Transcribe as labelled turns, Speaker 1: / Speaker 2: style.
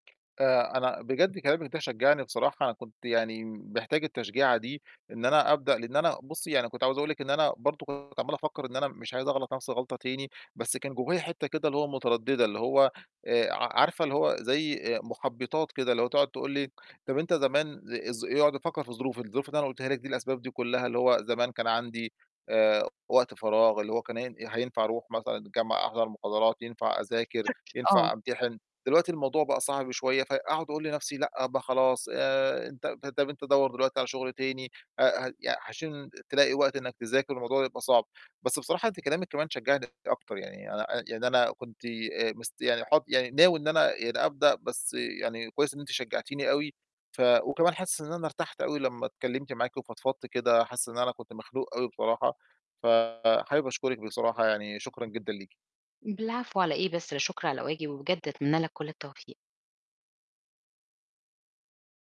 Speaker 1: آآ، أنا بجد كلامِك ده شجّعني بصراحة كنت يعني م محتاج التشجيعة دي، إن أنا أبدأ لإن أنا بُصّي يعني كنت عاوز أقول لِك إن أنا برضه كنت عَمّال أفكّر إن أنا مش عايز أغلَط نَفْسي الغلطة تاني، بس كان جوّايا حتة كده اللي هو مُتردِّدة اللي هو آآ، ع عارفة اللي هو زي آآ، مُحبِّطات كده اللي هو تقعُد تقول لي طَب أنت ل آآ، ز زمان ي أقعُد أفكّر في الظروف، الظروف اللي أنا قُلتها لِك دي الأسباب دي كلّها اللي هو زمان كان عندي آآ، وقت فراغ اللي هو كان هين آآ، هينفع أرُوح مثلًا الجامعة أحضر مُحاضرات ينفع أذاكر،
Speaker 2: آه.
Speaker 1: ينفع أمتحِن، دلوقتي الموضوع بقى صعب شوية، فأقعُد أقول لنَفْسي لأ، ب خلاص آآ، أنت به طَب أنت دوّر دلوقتي على شُغل تاني أ هق يع عشان تلاقي وقت إنّك تذاكر والموضوع يبقى صعب، بس بصراحة أنتِ كلامِك كمان شجّعني أكتر يعني أنا آآ، يعني أنا كنت ي آآ، مست يعني حاط يعني ناوي إن أنا يعني أبدأ بس يعني كويس إن أنتِ شجّعتيني أوي ف وكمان حاسس إن أنا ارتحت أوي لمّا اتكلّمت معاكِ وفضفضت كده، حاسس إن أنا كنت مخنوق أوي بصراحة، فحابب أشكرِك بصراحة يعني شكرًا جدًا ليكِ.
Speaker 2: ب العفو على إيه بس لا شُكر على واجِب، وبجد أتمنّى لك كُلّ التوفيق.